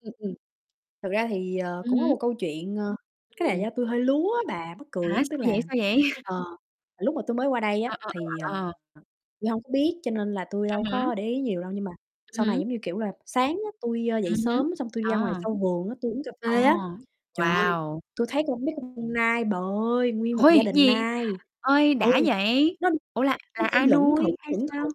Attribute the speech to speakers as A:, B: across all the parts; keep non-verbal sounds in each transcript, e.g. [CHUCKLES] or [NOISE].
A: Ừm, ừm. Thực ra thì, ờ,
B: Ừm
A: cũng có
B: hứm.
A: một câu chuyện, ờ, cái này là
B: Ừm.
A: do tui hơi lúa á bà, mắc
B: Hả,
A: cười lắm. Tức
B: sao vậy,
A: là,
B: sao vậy? [CHUCKLES]
A: ờ, lúc mà tui mới qua đây
B: Ờ,
A: á,
B: ờ,
A: thì,
B: ờ,
A: à,
B: ờ, ờ.
A: tui hông có biết cho nên là tui
B: Ừm
A: đâu
B: hứm.
A: có để ý nhiều đâu, nhưng mà sau này,
B: Hửm?
A: giống như, kiểu là, sáng á, tui, ơ, dậy
B: Ừm hứm.
A: sớm, xong tui đi ra ngoài
B: À.
A: sau vườn á, tui uống cà
B: Ồ,
A: phê á. Trời ơi,
B: wow!
A: tui thấy con mấy con con nai bà ơi, nguyên một gia
B: Ôi!
A: đình
B: Gì?
A: nai,
B: Ơi,
A: ừ,
B: đã vậy.
A: nó
B: Ủa là
A: nó
B: là
A: đi
B: ai
A: lững thững,
B: nuôi hay
A: lững
B: sao?
A: thững.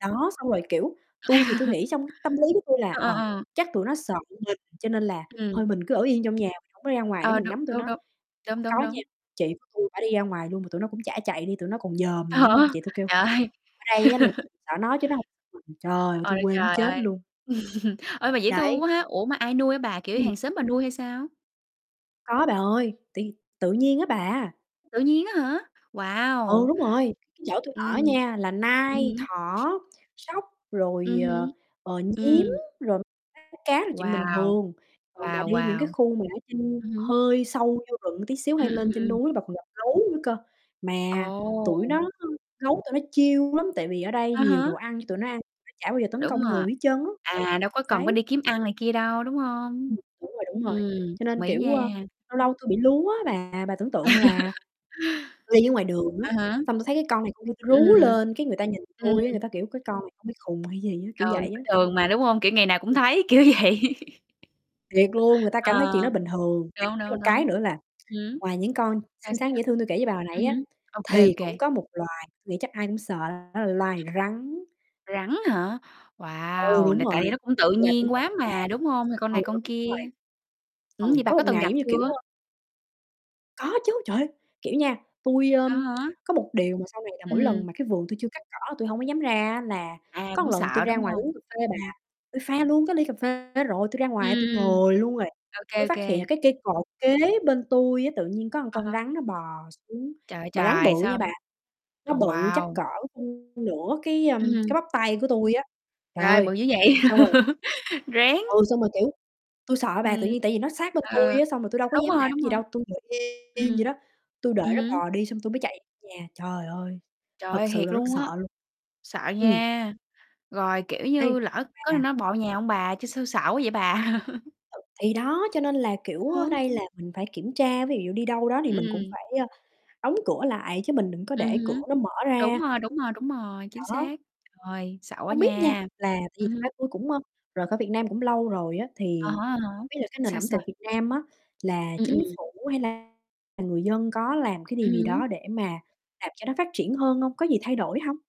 A: Đó, xong rồi, kiểu, tui thì tui
B: [CHUCKLES]
A: nghĩ trong cái tâm lý của tui là,
B: Ờ, ờ,
A: ờ,
B: ờ.
A: chắc tụi nó sợ mình, cho nên là
B: Ừm.
A: thôi mình cứ ở yên trong nhà, mình hổng có đi ra ngoài để
B: Ờ,
A: mình
B: đúng,
A: ngắm tụi
B: đúng,
A: nó.
B: đúng. Đúng,
A: Hông
B: đúng,
A: có
B: đúng.
A: nha, chị của tui bả đi ra ngoài luôn, mà tụi nó cũng chả chạy đi, tụi nó còn dòm nữa,
B: Hả?
A: nên chị tui kêu
B: Trời
A: ở
B: ơi.
A: đây á là
B: [LAUGHS]
A: mình sợ nó chứ nó hông mình. Trời, tui
B: Ôi,
A: quê muốn
B: trời
A: chết
B: ơi.
A: luôn.
B: [CHUCKLES] Ơi, mà dễ thương
A: Đấy.
B: quá ha. Ủa, mà ai nuôi á bà, kiểu
A: Ừm.
B: hàng xóm bà nuôi hay sao?
A: Có bà ơi, tự tự nhiên á bà.
B: Tự nhiên á hả?
A: Ừ,
B: Wow!
A: đúng rồi, cái chỗ tui ở
B: Ừm.
A: nha là
B: Ừm
A: nai,
B: hứm.
A: thỏ, sóc, rồi,
B: Ừm
A: ờ,
B: hứm.
A: ờ, nhím,
B: Ừm.
A: rồi rái cá là chuyện bình
B: Wow.
A: thường. Còn mà
B: Wow,
A: đi những cái
B: wow.
A: khu mà ở trên
B: Ừm hứm.
A: hơi sâu vô rừng một tí xíu,
B: Ừm,
A: hay
B: ừm,
A: lên trên
B: ừm.
A: núi bà còn gặp gấu nữa cơ, mà tụi
B: Ồ!
A: nó, ơ gấu tụi nó chill lắm, tại vì ở đây
B: À
A: nhiều
B: há.
A: đồ ăn cho tụi nó ăn, nó chả bao giờ tấn
B: Đúng
A: công
B: rồi,
A: người hết trơn á. Ừ,
B: à, đâu có cần phải
A: đấy.
B: đi kiếm ăn này kia đâu, đúng hông?
A: Ừm. Đúng rồi, đúng rồi.
B: Ừm,
A: Cho
B: đồng
A: nên
B: ý
A: kiểu,
B: nha.
A: a, lâu
B: Ừm.
A: lâu tui bị lúa á bà. Bà tưởng tượng là
B: [LAUGHS]
A: tui đi ở ngoài đường á,
B: À há.
A: xong tui thấy cái con này, con kia, tui rú
B: Ừm.
A: lên, cái người ta nhìn
B: Ừm.
A: tui á, người
B: Ừm.
A: ta kiểu: "Cái con này bị khùng hay gì á." Kiểu
B: Ừ,
A: vậy
B: bình
A: á.
B: thường mà, đúng hông? Kiểu, ngày nào cũng
A: Ừm.
B: thấy, kiểu vậy. [LAUGHS]
A: Thiệt luôn, người ta cảm thấy chuyện
B: Ờ,
A: đó bình thường. [UNINTELLIGIBLE]
B: đúng,
A: Có
B: đúng,
A: một cái
B: đúng.
A: nữa là,
B: Hửm?
A: ngoài những con
B: Sao,
A: xinh xắn,
B: sao?
A: dễ thương tui kể với bà hồi nãy
B: Ừm
A: á,
B: hứm, ô kê, ô
A: thì cũng
B: kê.
A: có một loài, nghĩ chắc ai cũng sợ, đó là loài rắn.
B: Rắn hả?
A: Ừ,
B: Wow!
A: đúng
B: Là tại
A: rồi,
B: vì nó cũng tự
A: thì bà tưởng
B: nhiên quá
A: tượng là
B: mà, đúng hông? Thì con
A: ừ,
B: này
A: ừ,
B: con
A: đúng
B: kia.
A: rồi.
B: Ừm,
A: Ừ,
B: vậy bà
A: có
B: có
A: một
B: từng
A: ngày,
B: gặp
A: giống như kiểu,
B: chưa?
A: ơ Có chứ, trời ơi! Kiểu nha, tui, ơ,
B: À há.
A: có một điều mà sau này là
B: Ừm
A: mỗi lần
B: hừm.
A: mà cái vườn tui chưa cắt cỏ là tui hổng có dám ra á, là
B: À,
A: có
B: cũng
A: lần tui
B: sợ,
A: ra
B: đúng
A: ngoài
B: hông?
A: uống cà phê bà,
B: Ừm.
A: tui pha luôn cái ly cà phê rồi, tui ra
B: Ừm,
A: ngoài, tui
B: ừm,
A: ngồi luôn rồi,
B: ô kê,
A: tui
B: ô
A: phát hiện là
B: kê.
A: cái cây cột kế bên tui á, tự nhiên có một
B: À
A: con
B: há.
A: rắn nó bò xuống.
B: Trời ơi
A: Mà rắn
B: trời,
A: bự nha
B: sao
A: bà, nó
B: ồ,
A: bự chắc
B: wow!
A: cỡ, ưm, nửa cái,
B: Ừm
A: ờm,
B: hừm.
A: cái bắp tay của tui á. Trời
B: Trời ơi,
A: ơi,
B: bự dữ vậy.
A: xong rồi
B: [LAUGHS] Rén.
A: Ừ, xong rồi, kiểu, tui sợ bà. Tự
B: Ừm.
A: nhiên tại vì nó sát bên tui
B: Ờ,
A: á, xong rồi tui đâu có
B: đúng
A: dám
B: rồi,
A: làm
B: đúng
A: gì
B: rồi.
A: đâu, tui ngồi yên vậy đó,
B: Ừm,
A: tui đợi
B: ừm
A: nó
B: hứm.
A: bò đi xong tui mới chạy nhà. Trời ơi,
B: Trời ơi,
A: thật sự
B: thiệt
A: là rất
B: luôn
A: sợ
B: á.
A: luôn.
B: Sợ
A: Ừm.
B: nha, rồi, kiểu như,
A: Ấy
B: lỡ có khi
A: à.
B: nó bò vô nhà hông bà? Chứ sao sợ quá vậy bà! [CHUCKLES]
A: Thì đó, cho nên là, kiểu, ở
B: Ừm.
A: đây là mình phải kiểm tra, ví dụ đi đâu đó thì
B: Ừm,
A: mình cũng
B: ừm.
A: phải, ơ, đóng cửa lại chứ mình đừng có
B: Ừm
A: để cửa
B: hứm,
A: nó mở
B: đúng
A: ra.
B: rồi, đúng rồi, đúng rồi, chính
A: Đó.
B: xác. Rồi, sợ quá
A: Hông biết nha,
B: nha.
A: là tại vì
B: Ừm
A: thật
B: hưm.
A: ra tui cũng, ơ, rời khỏi Việt Nam cũng lâu rồi á.
B: À
A: Thì
B: há, à há.
A: hông biết là cái nền
B: Sao,
A: ẩm
B: sao?
A: thực Việt Nam á là
B: Ừm,
A: chính
B: ừm.
A: phủ hay là là người dân có làm cái điều
B: Ừm
A: gì đó
B: hứm.
A: để mà làm cho nó phát triển hơn hông, có gì thay đổi hông?